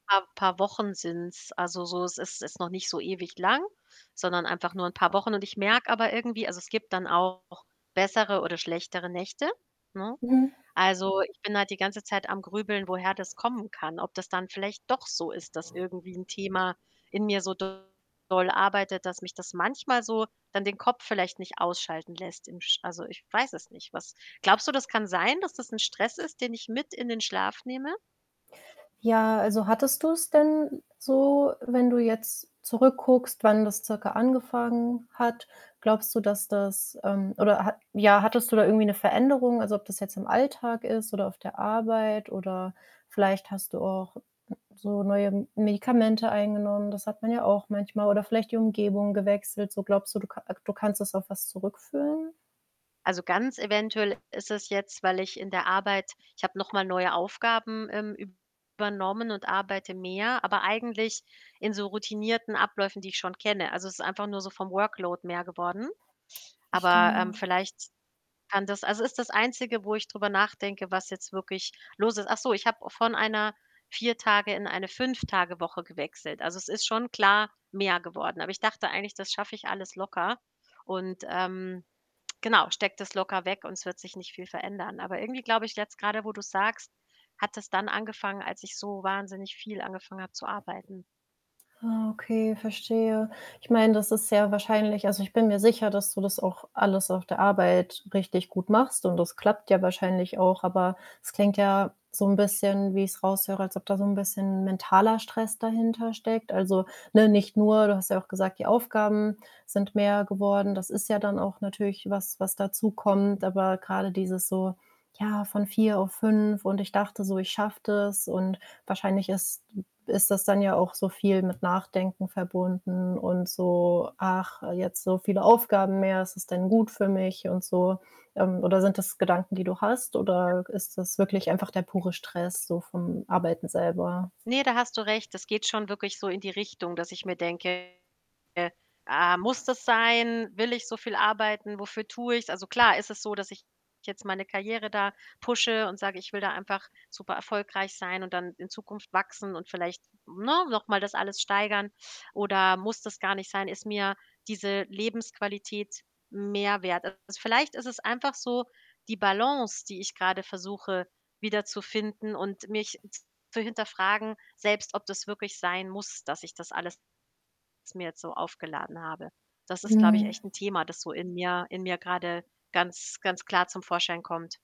Paar paar Wochen sind's. Also, so, es ist ist noch nicht so ewig lang, sondern einfach nur 'n paar Wochen. Und ich merke aber irgendwie also, es gibt dann auch bessere oder schlechtere Nächte, ne? Mhm. Also, ich bin halt die ganze Zeit am Grübeln, woher das kommen kann. Ob das dann vielleicht doch so ist, dass irgendwie 'n Thema in mir so doll arbeitet, dass mich das manchmal so dann den Kopf vielleicht nicht ausschalten lässt im Sch also, ich weiß es nicht, was glaubst du, das kann sein, dass das 'n Stress ist, den ich mit in den Schlaf nehme? Ja, also, hattest du es denn so wenn du jetzt zurück guckst, wann das circa angefangen hat, glaubst du, dass das, ähm oder ha ja, hattest du da irgendwie 'ne Veränderung? Also, ob das jetzt im Alltag ist oder auf der Arbeit oder vielleicht hast du auch so neue M Medikamente eingenommen, das hat man ja auch manchmal oder vielleicht die Umgebung gewechselt so. Glaubst du, du ka äh, du kannst das auf was zurückführen? Also, ganz eventuell ist es jetzt, weil ich in der Arbeit ich habe noch mal neue Aufgaben, ähm, übernommen und arbeite mehr, aber eigentlich in so routinierten Abläufen, die ich schon kenne. Also, es ist einfach nur so vom Workload mehr geworden. Aber, ähm, Verstehe. vielleicht kann das also, ist das Einzige, wo ich drüber nachdenke, was jetzt wirklich los ist. Ach so, ich habe von einer 4- Tage in eine 5- Tage-Woche gewechselt. Also, es ist schon klar mehr geworden. Aber ich dachte eigentlich, das schaffe ich alles locker und, ähm, genau, stecke das locker weg und es wird sich nicht viel verändern. Aber irgendwie glaube ich, jetzt grade, wo du's sagst, hat das dann angefangen, als ich so wahnsinnig viel angefangen habe zu arbeiten. Ah, okay, verstehe. Ich meine, das ist sehr wahrscheinlich also, ich bin mir sicher, dass du das auch alles auf der Arbeit richtig gut machst und das klappt ja wahrscheinlich auch, aber es klingt ja so 'n bisschen, wie ich's raus höre, als ob da so 'n bisschen mentaler Stress dahintersteckt. Also, ne, nicht nur du hast ja auch gesagt, die Aufgaben sind mehr geworden. Das ist ja dann auch natürlich was, was dazukommt, aber grade dieses so, ja, von 4 auf 5 und „Ich dachte so, ich schaffe das“, und wahrscheinlich ist ist das dann ja auch so viel mit Nachdenken verbunden und so: „Ach, jetzt so viele Aufgaben mehr, ist das denn gut für mich?“, und so. Ähm, oder sind das Gedanken, die du hast, Ja. oder ist das wirklich einfach der pure Stress so vom Arbeiten selber? Ne, da hast du recht. Das geht schon wirklich so in die Richtung, dass ich mir denke: „Ah, muss das sein? Will ich so viel arbeiten? Wofür tue ich's?“ Also, klar ist es so, dass ich jetzt meine Karriere da pushe und sage, ich will da einfach super erfolgreich sein und dann in Zukunft wachsen und vielleicht, ne, noch mal das alles steigern. Oder muss das gar nicht sein, ist mir diese Lebensqualität mehr wert? Also, vielleicht ist es einfach so die Balance, die ich grade versuche, wiederzufinden und mich zu hinterfragen selbst, ob das wirklich sein muss, dass ich das alles mir jetzt so aufgeladen habe. Das ist, glaube ich, Mhm. echt 'n Thema, das so in mir in mir grade ganz, ganz klar zum Vorschein kommt.